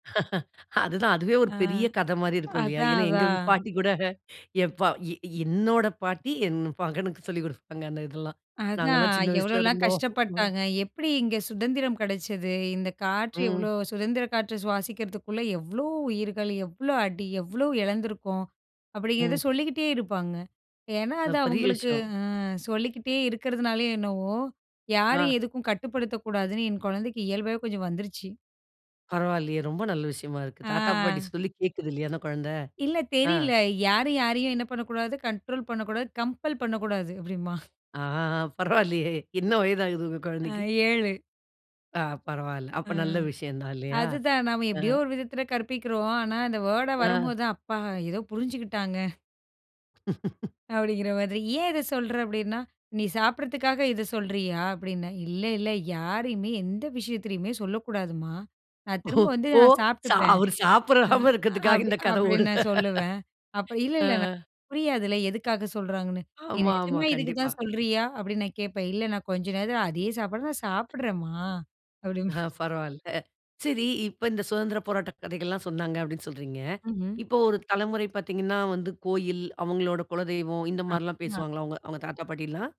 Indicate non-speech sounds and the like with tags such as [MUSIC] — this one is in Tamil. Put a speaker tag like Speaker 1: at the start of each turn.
Speaker 1: அதுதான். அதுவே ஒரு
Speaker 2: ஆ.
Speaker 1: பெரிய கத மாரி இருக்கும். இல்லையா?
Speaker 2: அதான்,
Speaker 1: ஏன்னா, எங்க ம்
Speaker 2: அதான்.
Speaker 1: பாட்டி கூட என் பா எ என்னோட பாட்டி, என் மகனுக்கு சொல்லிக்குடுப்பாங்க, அந்த இதெல்லாம்.
Speaker 2: அதான்.
Speaker 1: "நாங்கெல்லாம் சின்ன வயசுல
Speaker 2: எவ்வளோல்லாம்
Speaker 1: இருந்தோம்." ம்.
Speaker 2: கஷ்டப்பட்டாங்க? எப்படி இங்க சுதந்திரம் கிடைச்சது? இந்த காற்று எவ்வளோ
Speaker 1: ம்.
Speaker 2: சுதந்திர காற்று சுவாசிக்கிறதுக்குள்ள எவ்வளோ உயிர்கள்? எவ்வளோ அடி? எவ்வளோ இழந்துருக்கோம்? அப்படிங்கிறத
Speaker 1: ம்.
Speaker 2: சொல்லிக்கிட்டே இருப்பாங்க. ஏன்னா
Speaker 1: ஆ.
Speaker 2: அது
Speaker 1: பெரிய
Speaker 2: அவங்களுக்கு
Speaker 1: விஷயம்.
Speaker 2: ஆ. சொல்லிக்கிட்டே இருக்கிறதுனாலயோ என்னவோ,
Speaker 1: ஆ.
Speaker 2: யாரும் எதுக்கும் கட்டுப்படுத்தக்கூடாதுன்னு என் கொழந்தைக்கு இயல்பாவே கொஞ்சம் வந்துருச்சு.
Speaker 1: பரவாயில்லையே! ரொம்ப நல்ல விஷயமா இருக்கு. தாத்தா, பாட்டி
Speaker 2: ஆ.
Speaker 1: சொல்லி கேட்குது. இல்லையா? அந்த குழந்தை.
Speaker 2: இல்ல,
Speaker 1: ஆ.
Speaker 2: தெரியல. "யாரும் யாரையும் என்ன பண்ண கூடாது? கண்ட்ரோல் பண்ண கூடாது, கம்பெல் பண்ணக்கூடாது." அப்படிம்பான்.
Speaker 1: ஆ, ஆ. பரவாயில்லையே! என்ன வயதாகுது உங்க
Speaker 2: ஆ.
Speaker 1: குழந்தைக்கு?
Speaker 2: 7.
Speaker 1: ஆ. பரவாயில்ல.
Speaker 2: ஆ.
Speaker 1: அப்ப நல்ல விஷயம் தான். இல்லையா!
Speaker 2: அதுதான், நம்ம
Speaker 1: ஆ.
Speaker 2: எப்படியோ ஒரு விதத்துல கற்பிக்கிறோம். ஆனா, அந்த வேர்ட
Speaker 1: ஆ.
Speaker 2: வரும்போது தான், "அப்பா! ஏதோ புரிஞ்சுக்கிட்டாங்க."
Speaker 1: [LAUGHS]
Speaker 2: அப்படிங்கிற மாதிரி. "ஏன் இத சொல்ற? அப்படின்னா நீ சாப்பிட்டறதுக்காக இத சொல்றியா?" அப்படின்னேன். "இல்ல, இல்ல. யாரையுமே எந்த விஷயத்திலயுமே சொல்லக்கூடாதும்மா! நான்
Speaker 1: ஓ
Speaker 2: திரும்ப வந்து,
Speaker 1: ஓ!
Speaker 2: நான்
Speaker 1: சா
Speaker 2: சாப்டுப்பேன்."
Speaker 1: அவரு
Speaker 2: ஆ.
Speaker 1: சாப்பிடாம இருக்கறதுக்காக
Speaker 2: அப்படி
Speaker 1: இந்த கத
Speaker 2: அப்படின்னு
Speaker 1: ஓடுது.
Speaker 2: நான் சொல்லுவேன். அப்ப இல்ல,
Speaker 1: ஆ.
Speaker 2: இல்ல. ந புரியாதுல்ல, எதுக்காக சொல்றாங்கன்னு. "நீ
Speaker 1: ஆமா, ஆமா.
Speaker 2: நிஜமா இதுக்கு
Speaker 1: கண்டிப்பா.
Speaker 2: தான் சொல்றியா?" அப்படின்னு நான் கேட்பேன். "இல்ல. நான் கொஞ்ச நேரம் அதே சாப்பாட நான் சாப்பிடறேன்மா!"
Speaker 1: ஆ,
Speaker 2: அப்படின்பான்.
Speaker 1: பரவாயில்ல. சரி! இப்ப இந்த சுதந்திர போராட்ட கதைகள்லாம் சொன்னாங்க, அப்படின்னு சொல்றீங்க.
Speaker 2: ம்ஹ்ம்.
Speaker 1: இப்போ ஒரு தலைமுறை பார்த்தீங்கனா, வந்து கோயில், அவங்களோட குலதெய்வம் இந்த
Speaker 2: ஆ
Speaker 1: மாரில்லாம்
Speaker 2: மா.
Speaker 1: பேசுவாங்களா? உங்க அவங்க தாத்தா, பாட்டில்லாம்?